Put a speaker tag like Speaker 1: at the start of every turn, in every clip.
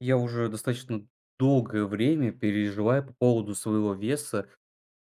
Speaker 1: Я уже достаточно долгое время переживаю по поводу своего веса.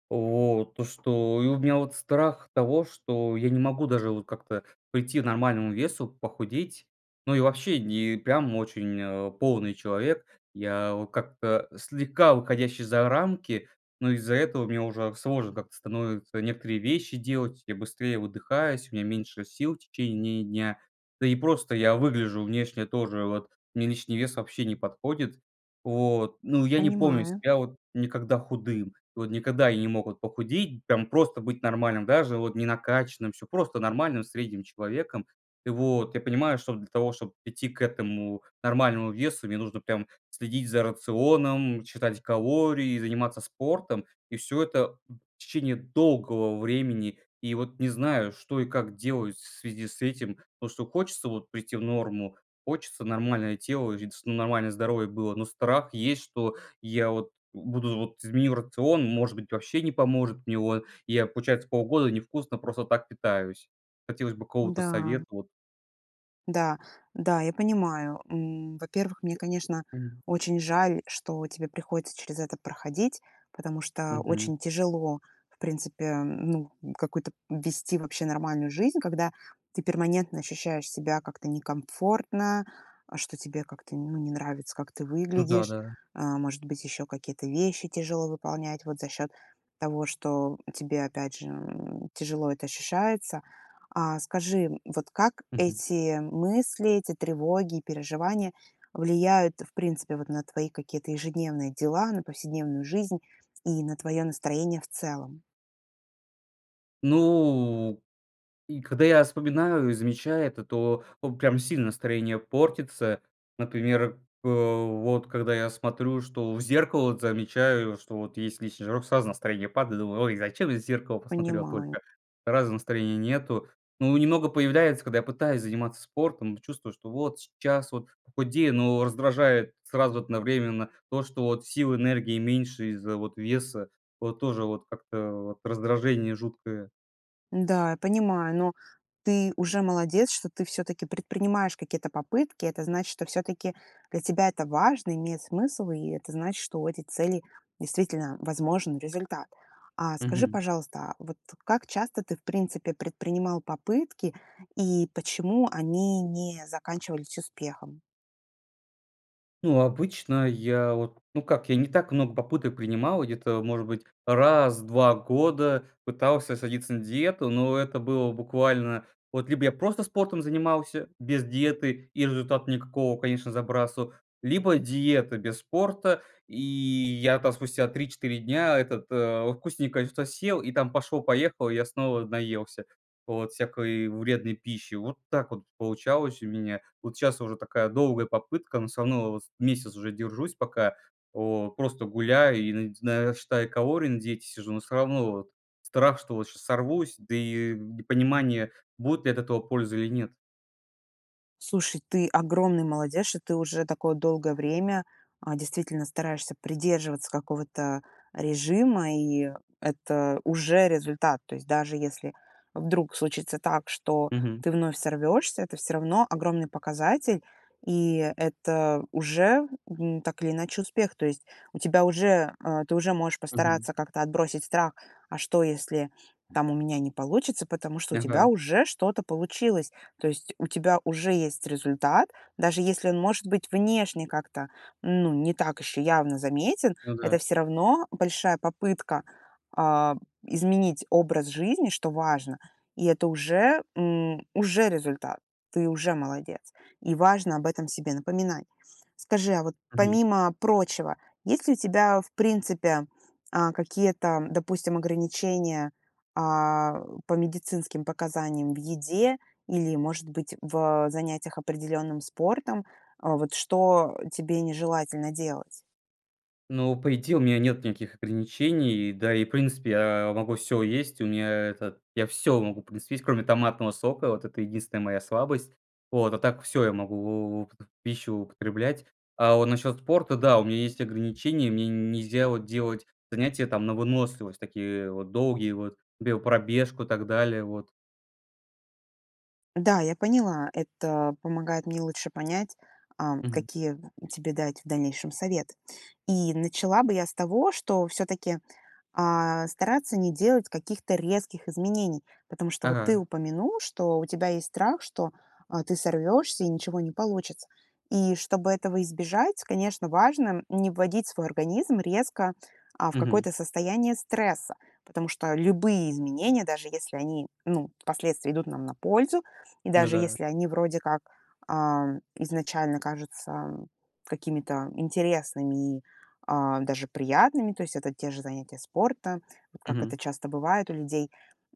Speaker 1: Вот, то, что И у меня вот страх того, что я не могу даже вот как-то прийти к нормальному весу, похудеть. Ну и вообще не, прям, очень, э, полный человек. Я, а, как-то слегка выходящий за рамки. Но из-за этого мне уже сложно как-то становится некоторые вещи делать. Я быстрее выдыхаюсь, у меня меньше сил в течение дня. Да и просто я выгляжу внешне тоже, вот, мне лишний вес вообще не подходит. Вот. Ну, я не помню
Speaker 2: Понимаю.
Speaker 1: себя вот никогда худым, вот никогда вот не мог я похудеть, там, просто быть нормальным, даже вот не накачанным- всё, просто нормальным, средним человеком. Вот, я понимаю, что для того, чтоб прийти к этому нормальному весу, мне нужно прям следить за рационом, считать калории, заниматься спортом. И всё это в течение долгого времени. И вот не знаю, что и как делать в связи с этим, потому что хочется вот прийти в норму. Хочется нормальное тело и ц нормальное здоровье было. Но страх есть, что я вот буду вот- изменю рацион, может быть, вообще не поможет мне, вот. И я, получается, полгода невкусно просто так питаюсь. Хотелось бы какого-то
Speaker 2: Да.
Speaker 1: совета, вот.
Speaker 2: Да. Да, я понимаю. М, во-первых, мне, конечно,
Speaker 1: М.
Speaker 2: очень жаль, что тебе приходится через это проходить. Потому что
Speaker 1: Мгм.
Speaker 2: очень тяжело, в принципе, ну, какую-то вести вообще нормальную жизнь, когда ты перманентно ощущаешь себя как-то некомфортно, а, что тебе как-то, ну, не нравится, как ты
Speaker 1: Ну да,
Speaker 2: выглядишь.
Speaker 1: да.
Speaker 2: А, может быть, еще какие-то вещи тяжело выполнять вот за счет того, что тебе опять же, м, тяжело это ощущается. А, скажи, вот как
Speaker 1: Мгм.
Speaker 2: эти мысли, эти тревоги и переживания влияют в принципе вот на твои какие-то ежедневные дела, на повседневную жизнь и на твое настроение в целом?
Speaker 1: Ну и когда я вспоминаю и замечаю это, то, а, прям сильно настроение портится, например, п вот, когда я смотрю, что в зеркало вот, замечаю, что вот есть лишний жирок, сразу настроение падает, думаю: "Ой, зачем я в зеркало посмотрел
Speaker 2: Понимаю.
Speaker 1: только?" Сразу настроения нету. Ну, немного появляется, когда я пытаюсь заниматься спортом, чувствую, что вот сейчас вот похудею, но раздражает сразу одновременно то, что вот сил, энергии меньше из-за, вот, веса, вот, тоже, вот, как-то вот, раздражение жуткое.
Speaker 2: Да, я понимаю, но ты уже молодец, что ты всё-таки предпринимаешь какие-то попытки. Это значит, что всё-таки для тебя это важно, имеет смысл, и это значит, что у этих целей действительно возможен результат. А скажи,
Speaker 1: Мгм.
Speaker 2: пожалуйста, а, вот как часто ты в принципе предпринимал попытки и почему они не заканчивались успехом?
Speaker 1: Ну обычно я вот ну как, я не так много попыток принимал, где-то может быть раз в 2 года пытался садиться на диету, но это было буквально, вот либо я просто спортом занимался, без диеты и результата никакого, конечно, забрасывал, либо диета без спорта. И я там спустя 3-4 дня этот, э, вкусненькое что-то съел, и там пошло-поехало, я снова наелся вот всякой вредной пищи. Вот так вот получалось у меня. Вот щас уже такая долгая попытка, но всё равно, вот, месяц уже держусь, пока, о просто гуляю и наде и на считаю калории, на диете сижу, но все равно вот страх, что вот щас сорвусь, да и, э, непонимание, будет ли от этого польза или нет.
Speaker 2: Слушай, ты огромный молодец, что ты уже такое долгое время, э, действительно стараешься придерживаться какого-то режима, и это уже результат. То есть даже если вдруг случится так, что
Speaker 1: Мгм.
Speaker 2: ты вновь сорвешься, это всё равно огромный показатель, и это уже, ну, так или иначе успех. То есть у тебя уже, э, ты уже можешь
Speaker 1: Мгм.
Speaker 2: постараться как-то отбросить страх: "А что если там у меня не получится?"- потому что у тебя
Speaker 1: Ага.
Speaker 2: уже что-то получилось. То есть у тебя уже есть результат, даже если он может быть внешне как-то, ну, не так еще явно заметен,
Speaker 1: Ну
Speaker 2: это
Speaker 1: да.
Speaker 2: всё равно большая попытка, а, изменить образ жизни, что важно, и это уже, м, уже результат. Ты уже молодец. И важно об этом себе напоминать. Скажи, а вот
Speaker 1: Мгм.
Speaker 2: помимо прочего, есть ли у тебя, в принципе, а, какие-то, допустим, ограничения, а, по медицинским показаниям в еде или, может быть, в занятиях определенным спортом? Э, вот что тебе нежелательно делать?
Speaker 1: Ну, по идее, у меня нет никаких ограничений, да и в принципе я могу всё есть. У меня это я всё могу в принципе есть, кроме томатного сока. Вот это единственная моя слабость. Вот. А так всё я могу в в пищу употреблять. А вот насчет спорта, да, у меня есть ограничения, мне нельзя, вот, делать занятия там на выносливость, такие вот долгие, вот, биопробежку и так далее, вот.
Speaker 2: Да, я поняла. Это помогает мне лучше понять, ам,
Speaker 1: Мгм.
Speaker 2: какие тебе дать в дальнейшем совет. И начала бы я с того, что всё-таки, а, стараться не делать каких-то резких изменений. Потому что вот ты
Speaker 1: Ага.
Speaker 2: упомянул, что у тебя есть страх, что, а, ты сорвёшься и ничего не получится. И чтобы этого избежать, конечно, важно не вводить свой организм резко, а, в
Speaker 1: Мгм.
Speaker 2: какое-то состояние стресса. Потому что любые изменения, даже если они, ну, последствия идут нам на пользу, и
Speaker 1: Ну
Speaker 2: даже
Speaker 1: да.
Speaker 2: если они вроде как, ам, изначально кажутся какими-то интересными и, а, даже приятными- то есть это те же занятия спортом, вот как это
Speaker 1: Мгм.
Speaker 2: часто бывает у людей.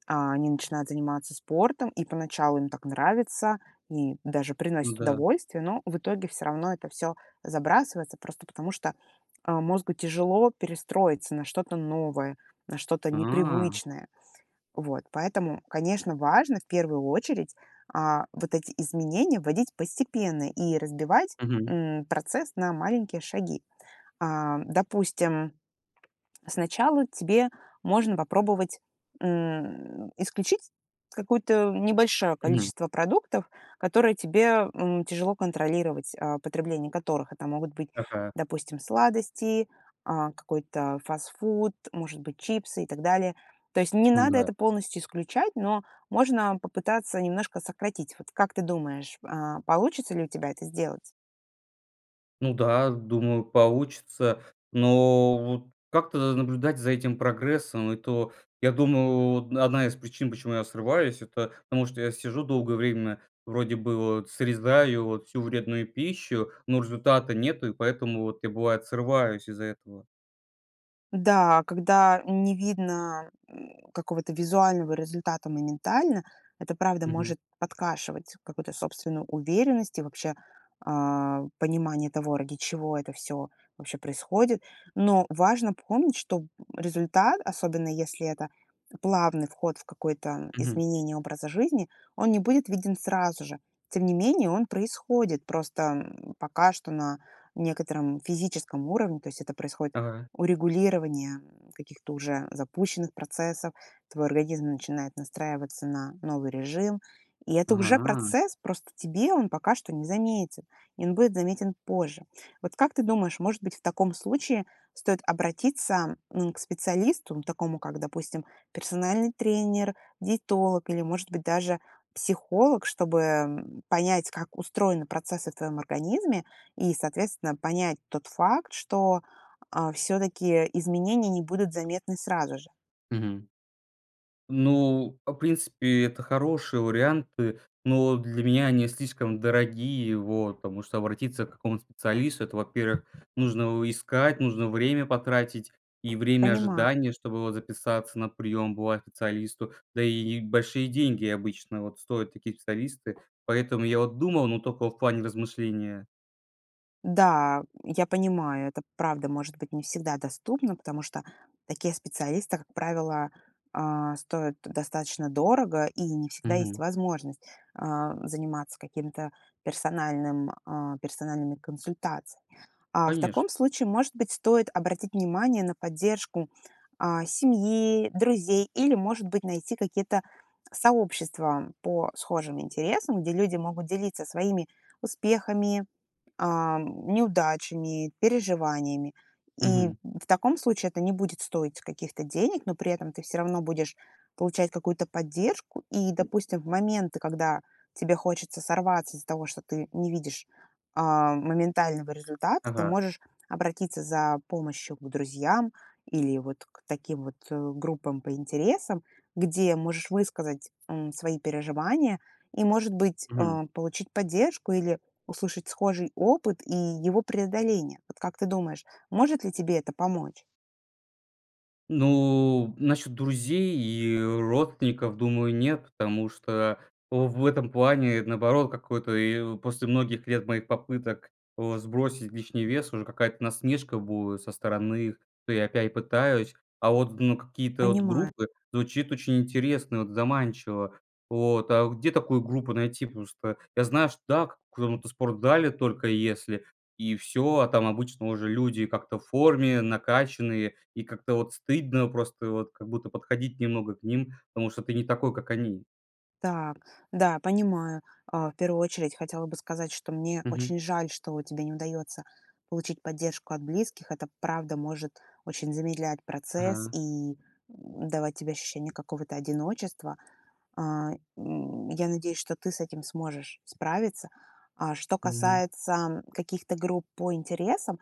Speaker 2: А, они начинают заниматься спортом, и поначалу им так нравится и даже приносит
Speaker 1: Н-да.
Speaker 2: удовольствие, но в итоге всё равно это всё забрасывается просто потому, что, а, мозгу тяжело перестроиться на что-то новое, на что-то
Speaker 1: А!
Speaker 2: непривычное. Вот. Поэтому, конечно, важно в первую очередь, а, вот эти изменения вводить постепенно и разбивать,
Speaker 1: Мгм.
Speaker 2: м, процесс на маленькие шаги. А, допустим, сначала тебе можно попробовать, м, исключить какую-то небольшое
Speaker 1: Мгм.
Speaker 2: количество продуктов, которое тебе, м, тяжело контролировать. А, потребление которых- это могут быть,
Speaker 1: Ага.
Speaker 2: допустим, сладости, а, какой-то фастфуд, может быть, чипсы и так далее. То есть не
Speaker 1: Ну
Speaker 2: надо
Speaker 1: да.
Speaker 2: это полностью исключать, но можно попытаться немножко сократить. Вот как ты думаешь, а, получится ли у тебя это сделать?
Speaker 1: Ну да, думаю, получится, но вот как-то наблюдать за этим прогрессом- это, я думал, вот одна из причин, почему я срываюсь- это потому что я сижу долгое время, вроде бы вот срезаю вот всю вредную пищу, но результата нету, и поэтому вот я, бывает, срываюсь из-за этого.
Speaker 2: Да, когда не видно, м, какого-то визуального результата моментально, это правда
Speaker 1: Мгм.
Speaker 2: может подкашивать какую-то собственную уверенность и вообще, а, понимание того, ради чего это всё вообще происходит. Но важно помнить, что, м, результат, особенно если это плавный вход в какое-то
Speaker 1: Мгм.
Speaker 2: изменение образа жизни, он не будет виден сразу же. Тем не менее он происходит, просто, м, пока что на некотором физическом уровне, то есть это происходит
Speaker 1: Ага.
Speaker 2: урегулирование, м, каких-то уже запущенных процессов, твой организм начинает настраиваться на новый режим. И это уже
Speaker 1: Ага.
Speaker 2: процесс, просто тебе он пока что незаметен, и он будет заметен позже. Вот как ты думаешь, может быть, в таком случае стоит обратиться, м, к специалисту, такому как, допустим, персональный тренер, диетолог или, может быть, даже психолог, чтобы понять, как устроены процессы в твоём организме и, соответственно, понять тот факт, что, а, всё-таки изменения не будут заметны сразу же.
Speaker 1: Мгм. Ну, в принципе, это хорошие варианты, но для меня они слишком дорогие, вот, потому что обратиться к какому-то специалисту- это, во-первых, нужно искать, нужно время потратить и время
Speaker 2: Понима
Speaker 1: ожидания, чтобы, вот, записаться на прием, бывает, к специалисту. Да и большие деньги обычно, вот, стоят такие специалисты. Поэтому я, вот, думал, но только в плане размышления.
Speaker 2: Да, я понимаю, это правда может быть не всегда доступно, потому что такие специалисты, как правило, а, стоят достаточно дорого, и не всегда есть
Speaker 1: Мгм.
Speaker 2: возможность, а, заниматься каким-то персональным а, персональными консультациями. А, в
Speaker 1: Конечно.
Speaker 2: таком случае, может быть, стоит обратить внимание на поддержку, а, семьи, друзей или, может быть, найти какие-то сообщества по схожим интересам, где люди могут делиться своими успехами, ам, неудачами, переживаниями. И
Speaker 1: Мгм.
Speaker 2: в таком случае это не будет стоить каких-то денег, но при этом ты всё равно будешь получать какую-то поддержку. И, допустим, в моменты, когда тебе хочется сорваться из-за того, что ты не видишь, а, моментального результата, ты
Speaker 1: Ага.
Speaker 2: можешь обратиться за помощью к друзьям или вот к таким вот, э, группам по интересам. Где можешь высказать, м, свои переживания и, может быть,
Speaker 1: Мгм.
Speaker 2: э, получить поддержку или услышать схожий опыт и его преодоление. Вот как ты думаешь, может ли тебе это помочь?
Speaker 1: Ну, насчет друзей и родственников, думаю, нет, потому что, э, в этом плане наоборот, какой-то и после многих лет моих попыток, э, сбросить лишний вес, уже какая-то насмешка будет со стороны их. То я опять пытаюсь, а вот, ну, какие-то от
Speaker 2: Понимаю.
Speaker 1: группы- звучит очень интересно, вот заманчиво. Вот, а где такую группу найти? Просто я знаю, что дак в каком-то спортзале только если и всё. А там обычно уже люди как-то в форме, накачанные, и как-то вот стыдно просто вот как будто подходить немного к ним, потому что ты не такой, как они.
Speaker 2: Так. Да, понимаю. А, в первую очередь хотела бы сказать, что мне
Speaker 1: Мгм.
Speaker 2: очень жаль, что тебе не удается получить поддержку от близких. Это правда может очень замедлять процесс
Speaker 1: Ага.
Speaker 2: и, м, давать тебе ощущение какого-то одиночества. А, м, я надеюсь, что ты с этим сможешь справиться. А что
Speaker 1: Мгм.
Speaker 2: касается каких-то групп по интересам,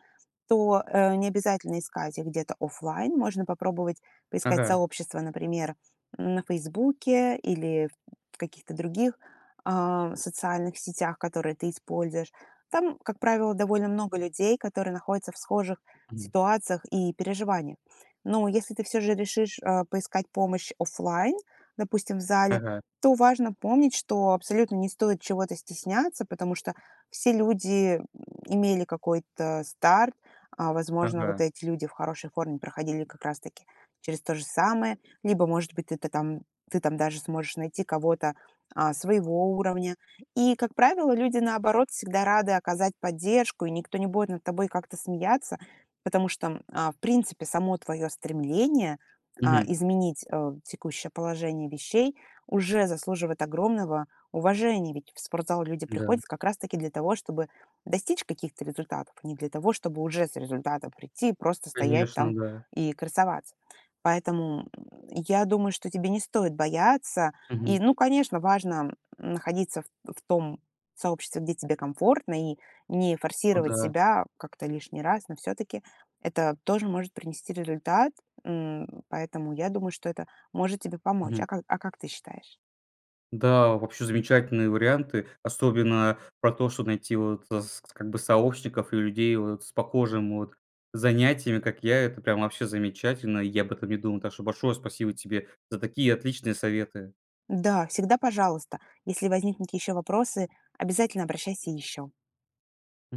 Speaker 2: то, э, необязательно искать их где-то офлайн. Можно попробовать поискать
Speaker 1: Ага.
Speaker 2: сообщества, например, на "Фейсбуке" или в в каких-то других, а, социальных сетях, которые ты используешь. Там, как правило, довольно много людей, которые находятся в схожих
Speaker 1: Мгм.
Speaker 2: ситуациях и переживаниях. Но если ты всё же решишь, а, поискать помощь офлайн, допустим, в зале,
Speaker 1: Ага.
Speaker 2: то важно помнить, что абсолютно не стоит чего-то стесняться, потому что все люди имели какой-то старт. А, возможно,
Speaker 1: Ага.
Speaker 2: вот эти люди в хорошей форме проходили как раз-таки через то же самое. Либо, может быть, ты-то там, ты там даже сможешь найти кого-то, а, своего уровня. И, как правило, люди наоборот всегда рады оказать поддержку, и никто не будет над тобой как-то смеяться, потому что, а, в принципе, само твое стремление, а,
Speaker 1: Мгм.
Speaker 2: изменить, э, текущее положение вещей уже заслуживает огромного уважения. Ведь в спортзал люди
Speaker 1: Да.
Speaker 2: приходят как раз-таки для того, чтобы достичь каких-то результатов, а не для того, чтобы уже с результатом прийти и просто стоять
Speaker 1: Конечно,
Speaker 2: там
Speaker 1: да.
Speaker 2: и красоваться. Поэтому я думаю, что тебе не стоит бояться.
Speaker 1: Мгм.
Speaker 2: И, ну, конечно, важно, м, находиться в в том сообществе, где тебе комфортно, и не
Speaker 1: Ну
Speaker 2: форсировать
Speaker 1: да.
Speaker 2: себя как-то лишний раз, но все-таки это тоже может принести результат. М, поэтому я думаю, что это может тебе помочь.
Speaker 1: Мгм.
Speaker 2: А как а как ты считаешь?
Speaker 1: Да, вообще замечательные варианты. Особенно про то, что найти, вот, э, з как бы, сообщников и людей, вот с похожим вот занятиями, как я, это прям вообще замечательно, я об этом не думал. Так шо большое спасибо тебе за такие отличные советы!
Speaker 2: Да, всегда пожалуйста. Если возникнут еще вопросы, обязательно обращайся еще.
Speaker 1: М